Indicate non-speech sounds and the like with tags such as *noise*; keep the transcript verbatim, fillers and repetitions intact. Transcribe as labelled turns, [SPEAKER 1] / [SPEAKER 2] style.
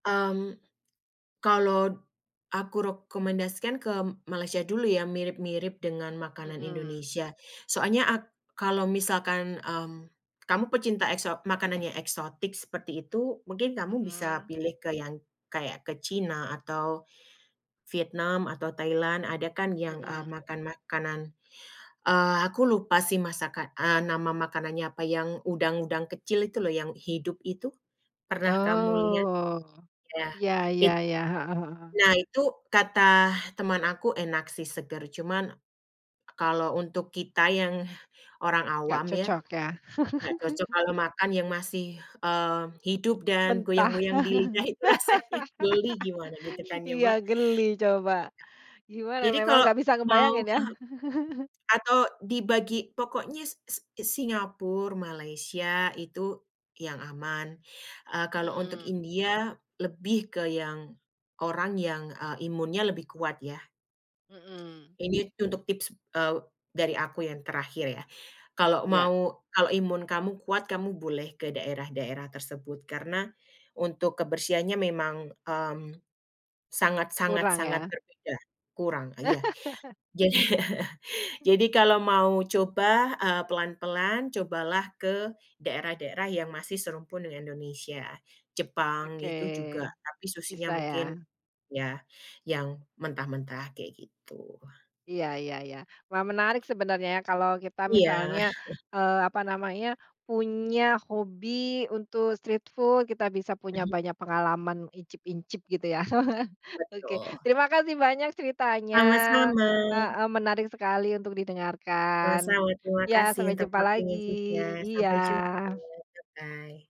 [SPEAKER 1] Mmm, kalot aku rokomendasikan ke Malaysia dulu, ya, mirip-mirip dengan makanan
[SPEAKER 2] Mhm.
[SPEAKER 1] Indonesia. Soalnya ak kalau misalkan, mmm, kamu pecinta ekso makanan yang eksotik seperti itu, mungkin kamu bisa
[SPEAKER 2] Mhm.
[SPEAKER 1] pilih ke yang kayak ke Cina atau Vietnam atau Thailand, ada kan yang, eee,
[SPEAKER 2] Mhm.
[SPEAKER 1] makan makanan, eee, aku lupa, sih, masakan eee, nama makanannya apa, yang udang-udang kecil itu loh, yang hidup itu, pernah kamu lihat?
[SPEAKER 2] Oh.
[SPEAKER 1] Ya,
[SPEAKER 2] Iya iya
[SPEAKER 1] it
[SPEAKER 2] iya, heeh heeh.
[SPEAKER 1] nah, itu katah teman aku enak, sih, seger, cuman kalau untuk kita yang orang
[SPEAKER 2] Nggak
[SPEAKER 1] awam ya,
[SPEAKER 2] cocok, ya.
[SPEAKER 1] nggak cocok
[SPEAKER 2] *chuckles*
[SPEAKER 1] kalau makan yang masih, eee, hidup dan
[SPEAKER 2] Mentah.
[SPEAKER 1] goyang-goyang di lidah,
[SPEAKER 2] *laughs*
[SPEAKER 1] itu rasanya geli gimana, gitu kan, ya,
[SPEAKER 2] Iya,
[SPEAKER 1] Mbak.
[SPEAKER 2] geli coba. Gimana,
[SPEAKER 1] Jadi
[SPEAKER 2] memang
[SPEAKER 1] kalau
[SPEAKER 2] nggak bisa
[SPEAKER 1] mau
[SPEAKER 2] ngebayangin ya.
[SPEAKER 1] ah hah
[SPEAKER 2] *chuckles*
[SPEAKER 1] atau dibagi, pokoknya S S Singapur, Malaysia itu yang aman, eee, kalau untuk
[SPEAKER 2] Mhm.
[SPEAKER 1] India lebih ke yang orang yang, eee, imunnya lebih kuat, ya.
[SPEAKER 2] Mhm.
[SPEAKER 1] Ini untuk tips, eee, dari aku yang terakhir ya, kalau
[SPEAKER 2] Ya.
[SPEAKER 1] mau kalau imun kamu kuat, kamu boleh ke daerah-daerah tersebut karena untuk kebersihannya memang, mmm, sangat sangat
[SPEAKER 2] Kurang,
[SPEAKER 1] sangat
[SPEAKER 2] ya.
[SPEAKER 1] berbeda, kurang iya,
[SPEAKER 2] *laughs*
[SPEAKER 1] jadi jadi kalau mau coba, eee, pelan-pelan, cobalah ke daerah-daerah yang masih serumpun dengan Indonesia. Jepang,
[SPEAKER 2] Oke.
[SPEAKER 1] itu juga, tapi, susyinya
[SPEAKER 2] Bisa,
[SPEAKER 1] mungkin
[SPEAKER 2] ya.
[SPEAKER 1] ya, yang mentah-mentah, kayak gitu.
[SPEAKER 2] Iya iya iya. Wah, menarik sebenernya, ya, kalau kita
[SPEAKER 1] Iya.
[SPEAKER 2] misalnya,
[SPEAKER 1] *chuckles*
[SPEAKER 2] eee, apa namanya, punya hobi untuk street food, kita bisa punya banyak pengalaman icip-incip gitu ya. *chuckles* Oke,
[SPEAKER 1] Betul.
[SPEAKER 2] terima kasih banyak ceritanya,
[SPEAKER 1] Sama-sama.
[SPEAKER 2] heeh, menarik sekali untuk didengarkan.
[SPEAKER 1] Sama-sama, terima
[SPEAKER 2] Ya,
[SPEAKER 1] kasih
[SPEAKER 2] sampai
[SPEAKER 1] untuk
[SPEAKER 2] jumpa lagi.
[SPEAKER 1] waktunya juga. Sampai jumpa.
[SPEAKER 2] Iya.
[SPEAKER 1] Bye-bye.